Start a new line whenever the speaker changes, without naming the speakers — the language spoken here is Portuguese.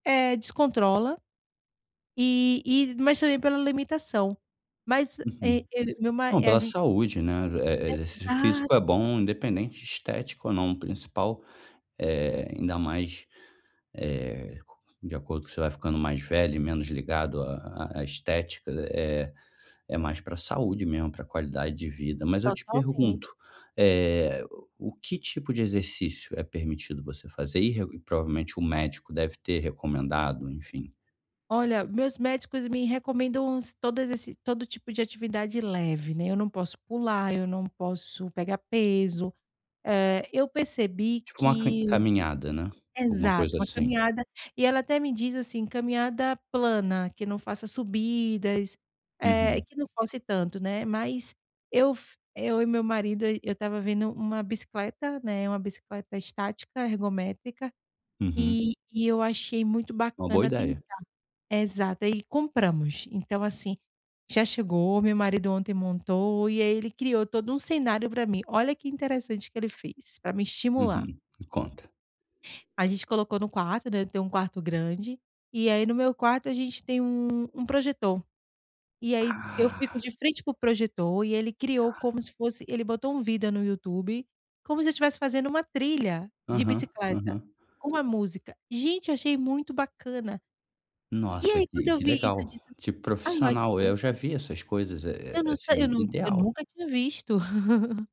É, descontrola e e mas também pela limitação. Mas,
Uhum.
eh, eu e meu ma
Não,
eh, a
pela
gente
saúde, né. Eh eh, exercício
Exato.
físico é bom, independente de estética ou não. Principal, eh, ainda mais, eh, de acordo que você vai ficando mais velho e menos ligado à à estética, eh, é mais pra saúde mesmo, pra qualidade de vida. Mas eu te
Totalmen
pergunto: eh, o que tipo de exercício é permitido você fazer? E re e provavelmente o médico deve ter recomendado, enfim.
Olha, meus médicos me recomendam todas esse todo tipo de atividade leve, né. Eu não posso pular, eu não posso pegar peso. Eh, eu percebi
Tipo uma cam
que
caminhada, né, alguma
exato,
coisa
uma
assim?
caminhada. E ela até me diz, assim, caminhada plana, que não faça subidas, eh,
Uhum.
que não force tanto. né. Mas eu f eu e meu marido, eu eu estava vendo 1 bicicleta, né, 1 bicicleta estática, ergométrica,
Uhum.
e e eu achei muito
Uma boa
bacana tentar.
ideia.
Exato, aí compramos. Então assim, já chegou, meu marido ontem montou e aí ele criou todo um cenário pra mim. Olha que interessante que ele fez pra me estimular.
Uhum, me conta.
A gente colocou no quarto, né, eu tenho 1 quarto grande, e aí no meu quarto a gente tem um um projetor. E aí eu fico
Ah.
de frente para o projetor e ele criou
Tá.
como se fosse ele botou um vídeo no YouTube como se eu tivesse fazendo uma trilha de
Aham,
bicicleta
aham.
com a música. Gente, eu achei muito bacana. E
Nossa,
aí, quando
que
eu
que
vi isso, eu
legal,
disse assim:
tipo
"Ai eu
profissional.
achei
Eu já vi essas coisas, é
Eu
é,
não se eu
assim,
nu eu
ideal.
nunca tinha visto.